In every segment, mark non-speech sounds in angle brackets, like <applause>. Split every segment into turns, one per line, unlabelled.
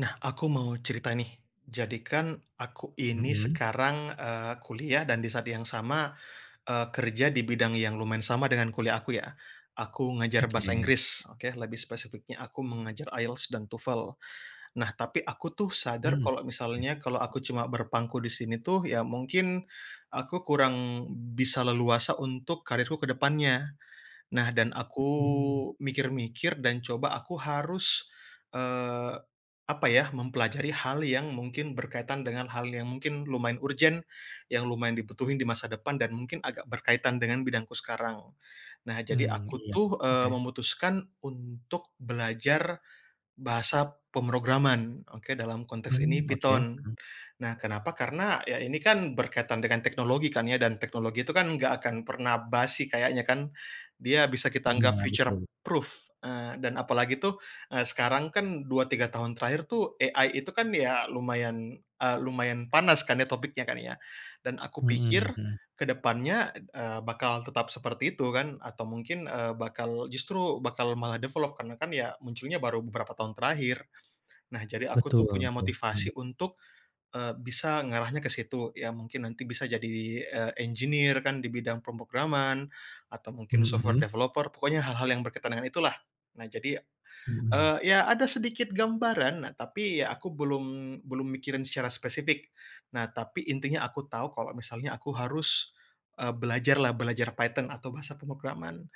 Nah, aku mau cerita, nih. Jadi, kan, aku ini
Mhm.
sekarang, eee, kuliah dan di saat yang sama, eee, kerja di bidang yang lumayan sama dengan kuliah aku, ya. Aku ngajar bahasa
Oke.
Inggris. Oke, lebih spesifiknya, aku mengajar IELTS dan TOEFL. Nah, tapi aku, tuh, sadar
Hmm.
kalau
Oke.
misalnya kalau aku cuma berpangku di sini, tuh, ya, mungkin aku kurang bisa leluasa untuk karirku ke depannya. Nah, dan aku
Oke.
mikir-mikir dan coba aku harus, eee, apa, ya, mempelajari hal yang mungkin berkaitan dengan hal yang mungkin lumayan urgent, yang lumayan dibutuhin di masa depan dan mungkin agak berkaitan dengan bidangku sekarang. Nah, jadi
Mmm,
aku,
iya.
tuh, eee,
Oke.
memutuskan untuk belajar bahasa pemrograman. Oke, dalam konteks ini
Mmm, oke.
Python.
Mhm.
Nah, kenapa, karena, ya, ini, kan, berkaitan dengan teknologi, kan, ya, dan teknologi itu, kan, enggak akan pernah basi kayaknya, kan. Dia bisa kita anggap
Iya,
future
betul.
proof, eee, dan apalagi, tuh, eee, sekarang, kan, 2, 3 tahun terakhir, tuh, AI itu, kan, ya, lumayan, eee, lumayan panas, kan, ya, topiknya, kan, ya. Dan aku pikir
Heeh, heeh.
ke depannya, eee, bakalan tetap seperti itu, kan, atau mungkin, eee, bakal justru bakal malah develop karena, kan, ya, munculnya baru beberapa tahun terakhir. Nah, jadi aku,
Betul,
tuh, punya
tuh. Heeh.
motivasi untuk, eee, bisa ngarahnya ke situ. Ya, mungkin nanti bisa jadi, eee, engineer, kan, di bidang pemrograman atau mungkin software
Hmm.
developer pokoknya hal-hal yang berkaitan dengan itulah. Nah, jadi,
Hmm.
eee, ya, ada sedikit gambaran, nah, tapi, ya, aku belum, belum mikirin secara spesifik. Nah, tapi intinya aku tahu kalau misalnya aku harus, eee, belajarlah, belajar Python atau bahasa pemrograman.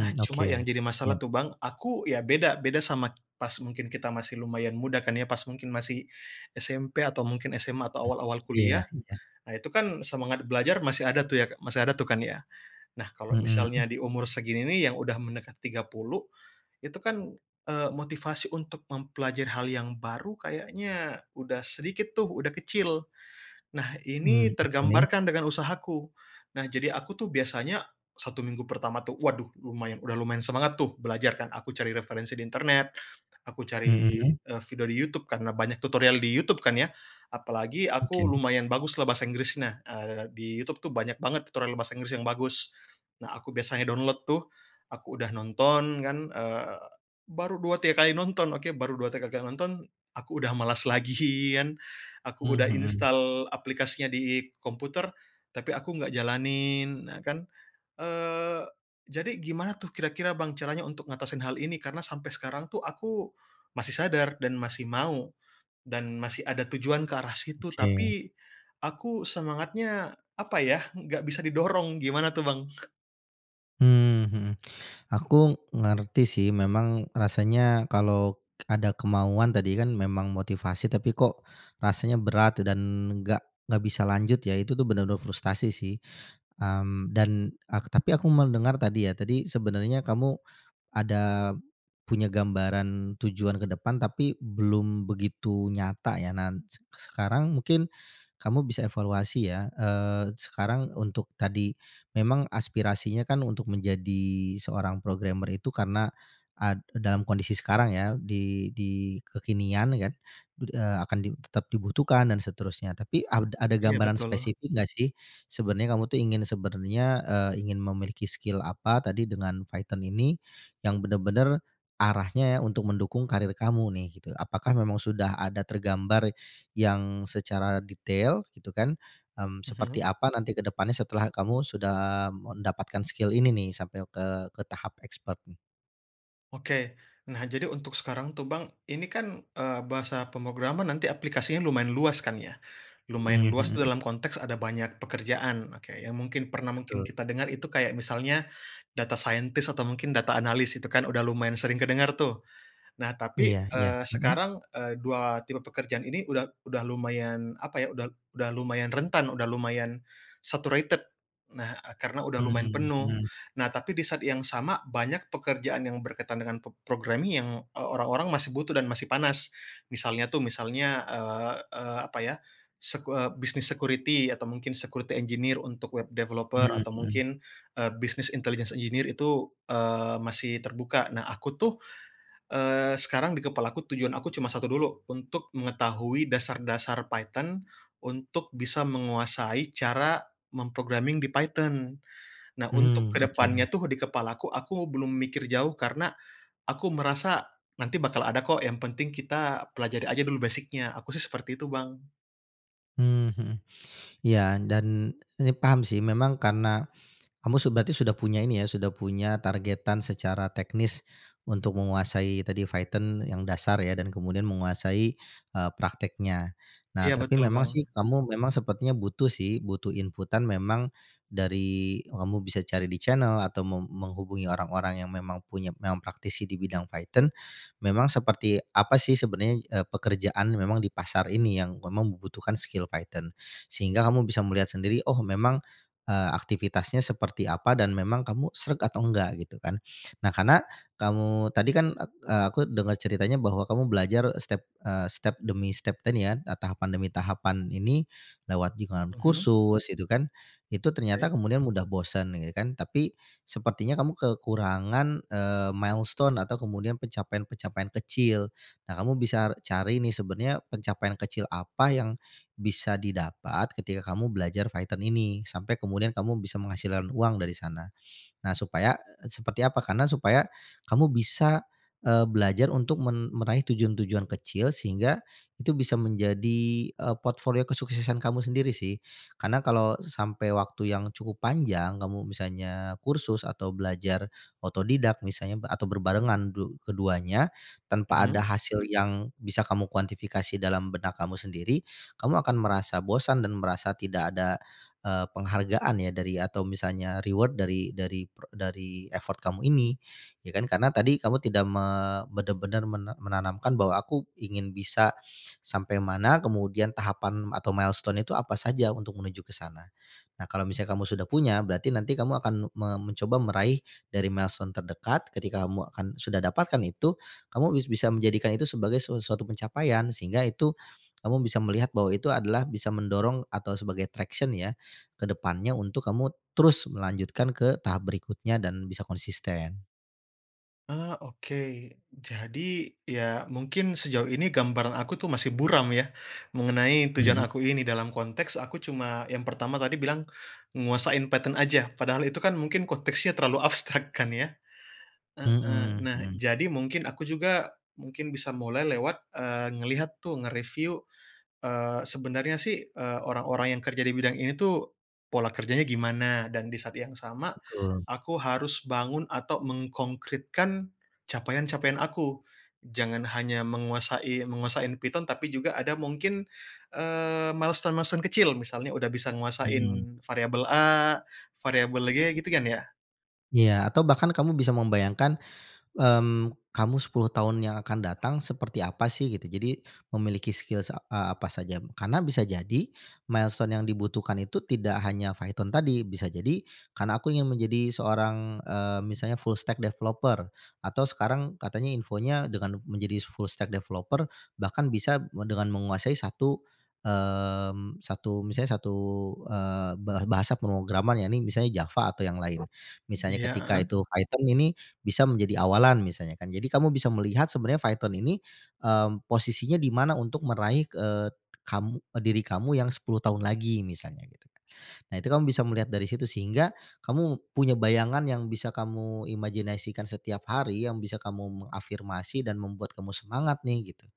Nah, cuma yang
oke.
jadi
Ya.
masalah tuh, Bang, aku, ya, beda, beda sama pas mungkin kita masih lumayan muda, kan, ya, pas mungkin masih SMP atau mungkin SMA atau awal-awal
Iya
kuliah.
iya.
Nah, itu, kan, semangat belajar masih ada, tuh, ya masih ada, tuh, kan, ya. Nah, kalau misalnya
Heeh.
di umur segini, nih, yang udah mendekati 30, itu, kan, eee, motivasi untuk mempelajari hal yang baru kayaknya udah sedikit, tuh, udah kecil. Nah, ini
Hmm, oke.
tergambarkan dengan usahaku. Nah, jadi aku, tuh, biasanya satu minggu pertama, tuh, waduh, lumayan udah lumayan semangat, tuh, belajar, kan, aku cari referensi di internet, aku cari,
Mhm.
eee, video di YouTube karena banyak tutorial di YouTube, kan, ya. Apalagi
Oke.
aku lumayan baguslah bahasa Inggrisnya, eee, di YouTube, tuh, banyak banget tutorial bahasa Inggris yang bagus. Nah, aku biasanya download, tuh. Aku udah nonton, kan, eee, baru 2, 3 kali nonton. Oke, baru 2, 3 kali nonton, aku udah malas lagian. Aku
Mmm,
udah
mhm.
instal aplikasinya di komputer, tapi aku nggak jalanin, nah, kan. Eee, jadi gimana, tuh, kira-kira, Bang, caranya untuk ngatasin hal ini karena sampai sekarang, tuh, aku masih sadar dan masih mau, dan masih ada tujuan ke arah situ
Oke.
tapi aku semangatnya apa, ya, nggak bisa didorong. Gimana, tuh, Bang?
Mmm, heeh. Aku ngerti, sih, memang rasanya kalau ada kemauan tadi, kan, memang motivasi tapi, kok, rasanya berat dan nggak nggak bisa lanjut, ya, itu tu benar-benar frustasi, sih. Mmm, dan ak tapi aku mendengar tadi, ya, tadi sebenarnya kamu ada punya gambaran tujuan ke depan tapi belum begitu nyata, ya. Nan sek sekarang mungkin kamu bisa evaluasi, ya, eee, sekarang untuk tadi memang aspirasinya, kan, untuk menjadi seorang programmer itu karena ad dalam kondisi sekarang, ya, di di kekinian, ya, kan, eee, akan di tetap dibutuhkan dan seterusnya. Tapi ad ada
Iya,
gambaran
betul.
spesifik nggak, sih, sebenarnya kamu, tuh, ingin sebenarnya, eee, ingin memiliki skill apa tadi dengan Python ini, yang benar-benar arahnya untuk mendukung karir kamu, nih, gitu. Apakah memang sudah ada tergambar yang secara detail, gitu, kan? Mmm,
Mhm.
seperti apa nanti ke depannya setelah kamu sudah mendapatkan skill ini, nih, sampai ke, ke tahap expert, nih?
Oke. Nah, jadi untuk sekarang, tuh, Bang, ini, kan, eee, bahasa pemrograman nanti aplikasinya lumayan luas, kan, ya. Lumayan
Mhm.
luas tu
Hmm.
dalam konteks ada banyak pekerjaan, oke, yang mungkin pernah mungkin
Betul.
kita dengar itu kayak misalnya, data scientist atau mungkin data analis itu, kan, udah lumayan sering kedengar, tuh. Nah, tapi,
Iya iya.
eee,
Heeh.
sekarang, eee, dua tipe pekerjaan ini udah udah lumayan apa, ya, uda udah lumayan rentan, udah lumayan saturated. Nah, ah, karena udah lumayan
Mmm,
penuh.
hmm.
Nah, tapi di saat yang sama banyak pekerjaan yang berkaitan dengan p programming yang, eee, orang-orang masih butuh dan masih panas, misalnya, tuh, misalnya, eee, eee, apa, ya, sek eee, bisnis security atau mungkin security engineer untuk web developer
Mmm.
atau
Hmm.
mungkin, eee, business intelligence engineer itu, eee, masih terbuka. Nah, aku, tuh, eee, sekarang di kepalaku tujuan aku cuma satu dulu, untuk mengetahui dasar-dasar Python, untuk bisa menguasai cara mem-programming di Python. Nah, untuk
Mmm,
ke
oke.
depannya, tuh, di kepalaku aku belum mikir jauh karena aku merasa nanti bakal ada, kok, yang penting kita pelajari aja dulu basic-nya, aku, sih, seperti itu, Bang.
Mmm, hmm. Iya, dan ini paham, sih, memang karena kamu su berarti sudah punya ini, ya, sudah punya targetan secara teknis untuk menguasai tadi Python yang dasar, ya, dan kemudian menguasai, eee, prakteknya. Nah,
Iya,
tapi
betul,
memang,
Bang.
sih, kamu memang sepertinya butuh, sih, butuh inputan memang dari kamu bisa cari di channel atau meng menghubungi orang-orang yang memang punya memang praktisi di bidang Python, memang seperti apa, sih, sebenarnya, eee, pekerjaan memang di pasar ini, yang memang membutuhkan skill Python. Sehingga kamu bisa melihat sendiri, oh, memang, eee, aktivitasnya seperti apa dan memang kamu sreg atau nggak, gitu, kan. Nah, karena kamu tadi, kan, ek e aku dengar ceritanya bahwa kamu belajar step, eee, step demi step ini, kan, eee, tahapan demi tahapan ini, lewat jaringan
Mhm.
kursus itu, kan. Itu ternyata
Oke.
kemudian mudah bosan gitu, kan, tapi sepertinya kamu kekurangan, eee, milestone atau kemudian pencapaian-pencapaian kecil. Nah, kamu bisa cari, nih, sebenarnya pencapaian kecil apa yang bisa didapat ketika kamu belajar Python ini, sampai kemudian kamu bisa menghasilkan uang dari sana. Nah, supaya, eee, seperti apa, karena supaya kamu bisa, eee, belajar untuk men meraih tujuan-tujuan kecil, sehingga itu bisa menjadi, eee, portfolio kesuksesan kamu sendiri, sih. Karena kalau sampai waktu yang cukup panjang kamu misalnya kursus atau belajar otodidak misalnya atau berbarengan du keduanya, tanpa
Mhm.
ada hasil yang bisa kamu kuantifikasi dalam benak kamu sendiri, kamu akan merasa bosan dan merasa tidak ada, eee, penghargaan, ya, dari atau misalnya reward dari dari prek dari effort kamu ini, ya, kan. Karena tadi kamu tidak me benar-benar men menanamkan bahwa aku ingin bisa sampai mana, kemudian tahapan atau milestone itu apa saja untuk menuju ke sana. Nah, kalau misalnya kamu sudah punya, berarti nanti kamu akan me mencoba meraih dari milestone terdekat, ketika kamu akan sudah dapatkan itu, kamu bis bisa menjadikan itu sebagai su suatu pencapaian, sehingga itu kamu bisa melihat bahwa itu adalah bisa mendorong atau sebagai traction, ya, ke depannya untuk kamu terus melanjutkan ke tahap berikutnya dan bisa konsisten.
Eee, oke. Jadi, ya, mungkin sejauh ini gambaran aku, tuh, masih buram, ya, mengenai
Hmm.
tujuan aku ini dalam konteks aku cuma, yang pertama tadi bilang nguasain Python aja, padahal itu, kan, mungkin konteksnya terlalu abstrak, kan, ya. Heeh,
Hmm.
nah,
Hmm.
jadi mungkin aku juga, mungkin bisa mulai lewat, eee, ngelihat, tuh, nge-review, eee, sebenarnya, sih, eee, orang-orang yang kerja di bidang ini, tuh, pola kerjanya gimana, dan di saat yang sama
Betul.
aku harus bangun atau menkongkritkan capaian-capaian aku. Jangan hanya menguasai menguasain Python tapi juga ada mungkin, eee, milestone-milestone kecil, misalnya udah bisa
Mhm.
nguasain variabel A, variabel G, gitu, kan, ya?
Ya, atau bahkan kamu bisa membayangkan, mmm, kamu 10 tahun yang akan datang seperti apa, sih, gitu. Jadi, memiliki skills, a apa saja, karena bisa jadi milestone yang dibutuhkan itu tidak hanya Python tadi, bisa jadi karena aku ingin menjadi seorang, eee, misalnya full stack developer atau sekarang katanya infonya dengan menjadi full stack developer bahkan bisa dengan menguasai satu, mmm, satu, misalnya satu, eee, ba bahasa pemrograman, ya, ini misalnya Java atau yang lain. Misalnya
Iya,
ketika
heeh.
itu Python ini bisa menjadi awalan misalnya, kan, jadi kamu bisa melihat sebenarnya Python ini, eee, posisinya dimana untuk meraih, eee, kamu d diri kamu yang 10 tahun lagi misalnya gitu, kan. Nah, itu kamu bisa melihat dari situ, sehingga kamu punya bayangan yang bisa kamu imajinasikan setiap hari yang bisa kamu mengafirmasi, dan membuat kamu semangat, nih, gitu.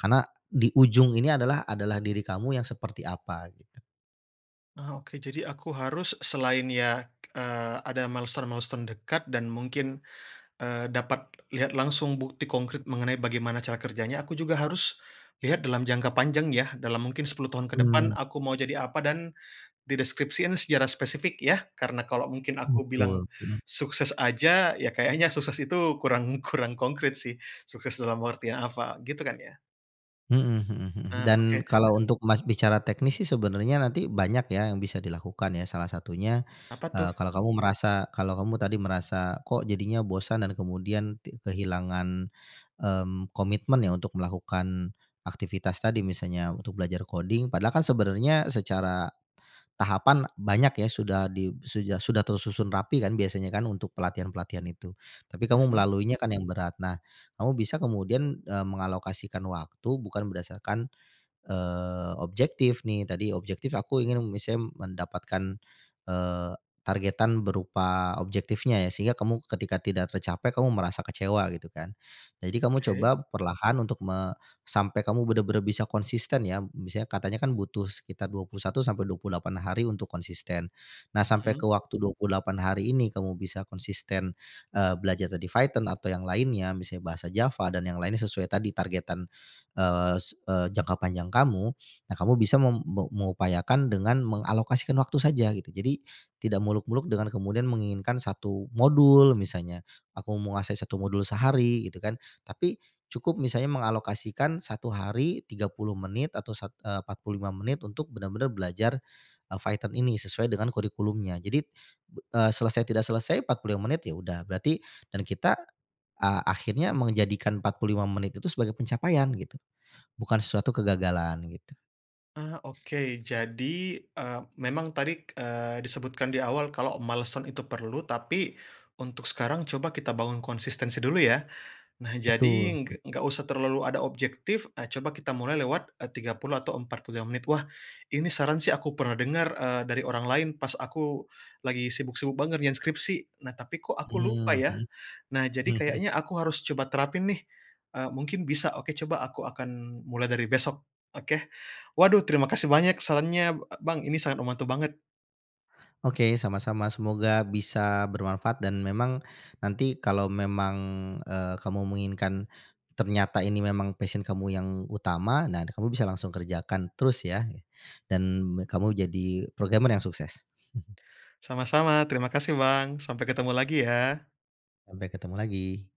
Karena di ujung ini adalah adalah diri kamu yang seperti apa gitu.
Ah, oke. Jadi aku harus selain, ya, eee, ada milestone-milestone dekat dan mungkin, eee, dapat lihat langsung bukti kongkrit mengenai bagaimana cara kerjanya, aku juga harus lihat dalam jangka panjang, ya, dalam mungkin 10 tahun ke depan
Mmm.
aku mau jadi apa dan di deskripsiin secara spesifik, ya. Karena kalau mungkin aku bilang
Betul. Mhm.
sukses aja, ya, kayaknya sukses itu kurang, kurang kongkrit, sih. Sukses dalam artian apa, gitu, kan, ya?
Mhm, heeh heeh,
Eee,
dan
oke.
kalau untuk, Mas, bicara teknis, sih, sebenarnya nanti banyak, ya, yang bisa dilakukan, ya. Salah satunya,
Apa, tuh?
eee, kalau kamu merasa kalau kamu tadi merasa, kok, jadinya bosan dan kemudian tik kehilangan, mmm, komitmen, ya, untuk melakukan aktivitas tadi, misalnya untuk belajar coding padahal, kan, sebenarnya secara tahapan banyak, ya, sudah di sudah- sudah tersusun rapi, kan, biasanya, kan, untuk pelatihan-pelatihan itu, tapi kamu
Mhm.
melaluinya, kan, yang berat. Nah, kamu bisa kemudian, eee, mengalokasikan waktu bukan berdasarkan, eee, objektif, nih, tadi objektif aku ingin misal mendapatkan, eee, targetan berupa objektifnya, ya, sehingga kamu ketika tidak tercapai kamu merasa kecewa gitu, kan. Jadi kamu
Oke.
coba perlahan untuk me sampai kamu benar-benar bisa konsisten, ya. Misalnya katanya, kan, butuh sekitar 21 sampai 28 hari untuk konsisten. Nah, sampai ke
Mhm.
waktu 28 hari ini kamu bisa konsisten, eee, belajar tadi Python atau yang lainnya, misalnya bahasa Java, dan yang lainnya sesuai tadi targetan, eee, sek eee, jangka panjang kamu. Nah, kamu bisa mem me mengupayakan dengan mengalokasikan waktu saja gitu, jadi tidak muluk-muluk dengan kemudian menginginkan 1 modul misalnya, aku menguasai 1 modul sehari gitu, kan. Tapi cukup misalnya mengalokasikan 1 hari, 30 menit atau sat eee, 45 menit untuk benar-benar belajar Python ini sesuai dengan kurikulumnya. Jadi, eee, selesai tidak selesai, 45 menit, ya, udah, berarti dan kita a akhirnya menjadikan 45 menit itu sebagai pencapaian, gitu. Bukan sesuatu kegagalan gitu.
Ah, oke. Jadi, eee, memang tadi, eee, disebutkan di awal kalau milestone itu perlu, tapi untuk sekarang coba kita bangun konsistensi dulu, ya. Nah, jadi
Betul.
ng gak usah terlalu ada objektif, ah, coba kita mulai lewat, eee, 30 atau 45 menit. Wah, ini saran, sih, aku pernah dengar, eee, dari orang lain pas aku lagi sibuk-sibuk banget ngerjain skripsi. Nah, tapi, kok, aku lupa,
Mmm.
ya. Nah,
Hmm.
jadi
<chuckles>
kayaknya aku harus coba terapin, nih, eee, mungkin bisa. Oke, coba aku akan mulai dari besok, oke. Waduh, terima kasih banyak sarannya e Bang, ini sangat membantu banget.
Oke, sama-sama. Semoga bisa bermanfaat dan memang nanti kalau memang, eee, kamu menginginkan ternyata ini memang passion kamu yang utama, nah nanti kamu bisa langsung kerjakan terus, ya, dan kamu jadi programmer yang sukses. <chuckles>
Sama-sama, terima kasih, Bang. Sampai ketemu lagi, ya.
Sampai ketemu lagi.